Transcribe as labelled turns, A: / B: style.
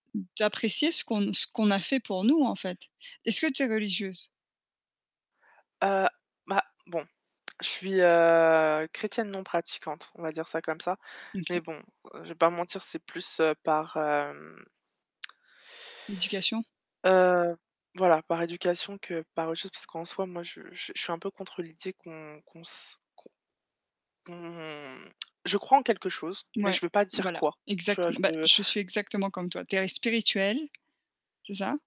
A: D'apprécier ce qu'on ce qu'on a fait pour nous, en fait. Est-ce que tu es religieuse?
B: Heu, bah, bon, je suis, heu, Chrétienne non pratiquante, on va dire ça comme ça. Mais
A: OK.
B: bon, heu, je vais pas mentir, c'est plus, heu, par, hem
A: L'éducation.
B: Heu, voilà, par éducation que par autre chose, parce qu'en soi, moi, je je je suis un peu contre l'idée qu'on qu'on s qu'on qu'on je crois en quelque chose, mais
A: Mouais,
B: je veux pas dire
A: voilà,
B: quoi, tu vois? Je
A: exactement, bah,
B: veux
A: je suis exactement comme toi. Tu es spirituelle, c'est ça?